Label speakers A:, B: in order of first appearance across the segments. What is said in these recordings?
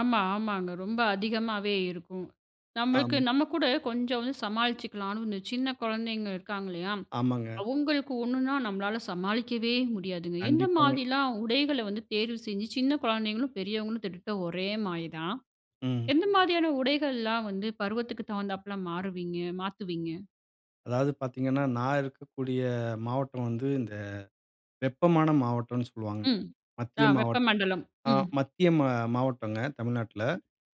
A: ஆமா. ஆமாங்க. ரொம்ப அதிகமாவே இருக்கும். நம்மளுக்கு
B: அம்.
A: நம்ம கூட, கொஞ்சம் வந்து சமாளிச்சிக்கலான்னு இந்த சின்ன குழந்தைங்க இருக்காங்கல்லயா!
B: ஆமாங்க.
A: அவுங்களுக்கு ஒன்னுனா நம்மளால சமாளிக்கவே முடியாதுங்க. எந்த
B: கண்டிப்பாங்க.
A: மாதிரிலாம் உடைகள வந்து தேர்வு செஞ்சு, சின்ன குழந்தைங்களும், பெரியவங்களும் கிட்டத்தட்ட, ஒரே மாரி தான்.
B: ம்.
A: எந்த மாதிரியான உடைகள்லாம் வந்து, பருவத்துக்கு தகுந்தாப்ல மாறுவீங்க? மாத்துவீங்க?
B: அதாவது பாத்தீங்கன்னா, நான் இருக்கக்கூடிய மாவட்டம் வந்து, இந்த வெப்பமான மாவட்டம்னு சொல்வாங்க.
A: ம்.
B: மத்திய
A: தா
B: மாவட்
A: வெப்பமண்டலம்.
B: அ,
A: ம்.
B: மத்திய மா மாவட்டங்க. தமிழ்நாட்ல.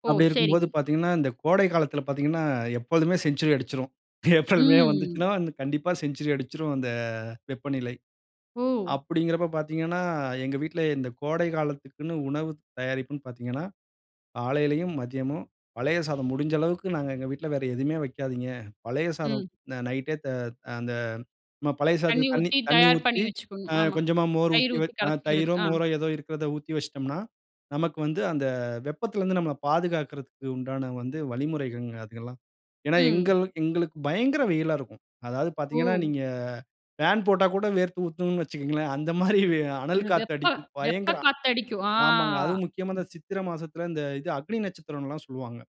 A: ஓ!
B: அப்பிடி இருக்கும்போது
A: சரிங்க.
B: பாத்தீங்கன்னா, இந்த கோடை காலத்தில பாத்தீங்கன்னா, எப்பொழுதுமே செஞ்சுரி அடுச்சுரும். ஏப்ரல், மே
A: ம்.
B: வந்துச்சுன்னா வந்து, கண்டிப்பா செஞ்சுரி அடுச்சுரும், அந்த வெப்பநிலை.
A: ஓ!
B: அப்பிடிங்கறப்போ பாத்தீங்கன்னா, எங்க வீட்ல இந்த கோடைகாலத்துக்குன்னு உணவு தயாரிப்புன்னு பாத்தீங்கன்னா, காலையிலயும், மதியமும் பழைய சாதம், முடுஞ்ச அளவுக்கு நாங்க எங்க வீட்ல வேற எதுவுமே வைக்காதீங்க. பழைய சாதம்
A: ம்.
B: அந்த நைட்டே, த அந்த நம்ம பழைய
A: தண்ணீ
B: சாதத்துக்கு தண்ணீ,
A: ஊத்தி,
B: தண்ணீ
A: தயார் பண்ணி
B: ஊத்தி,
A: வச்சுக்கணும்.
B: அ,
A: ஆமா.
B: கொஞ்சமா மோரு
A: தயிர்
B: ஊத்தி
A: ஊத்தி
B: வச் அ,
A: கரைச்சிக்கிறது.
B: தயிரோ!
A: ஆ.
B: மோரோ! எதோ இருக்குறத ஊத்தி வச்சுட்டம்ன்னா, நமக்கு வந்து அந்த வெப்பத்திலருந்து நம்மள பாதுகாக்குறதுக்கு உண்டான வந்து, வழிமுறைகங்க அதுகலாம். ஏனா,
A: ம்.
B: எங்கள் எங்களுக்கு பயங்கர வெயிலா இருக்கும். அதாவது பாத்தீங்கன்னா,
A: ஓ!
B: நீங்க ஃபேன் போட்டா கூட, வேர்த்து ஊத்தும்ன்னு வச்சுக்கங்களேன்! அந்தமாரி
A: அந்த
B: அனல்
A: வெப்ப
B: காத்தடிக்கும்.
A: வெப்ப
B: பயங்கர
A: காத்து அடிக்கும். ஆ.
B: ஆமாங்க. அதுவும் முக்கியமா இந்த சித்திரை மாசத்துல, இந்த இது அக்னி நட்சத்திரம்லான் சொல்லுவாங்க.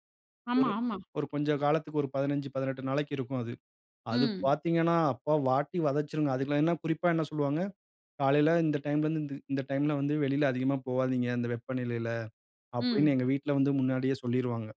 A: ஆமா,
B: ஒரு,
A: ஆமா.
B: ஒரு கொஞ்சம் காலத்துக்கு, ஒரு 15, 18 நாளைக்கு இருக்கும் அது. அது
A: ம்.
B: பாத்தீங்கன்னா, அப்பா! வாட்டி வதச்சுருங்க. அதுக்குலாம் என்ன குறிப்பா என்ன சொல்வாங்க? காலையில இந்த டைம்ல இருந்து இந்த இந்த டைம்ல வந்து வெளியில அதிகமா போவாதீங்க, அந்த வெப்பநிலையில. அப்பிடின்னு
A: ம்.
B: எங்க வீட்ல வந்து முன்னாடியே சொல்லிருவாங்க.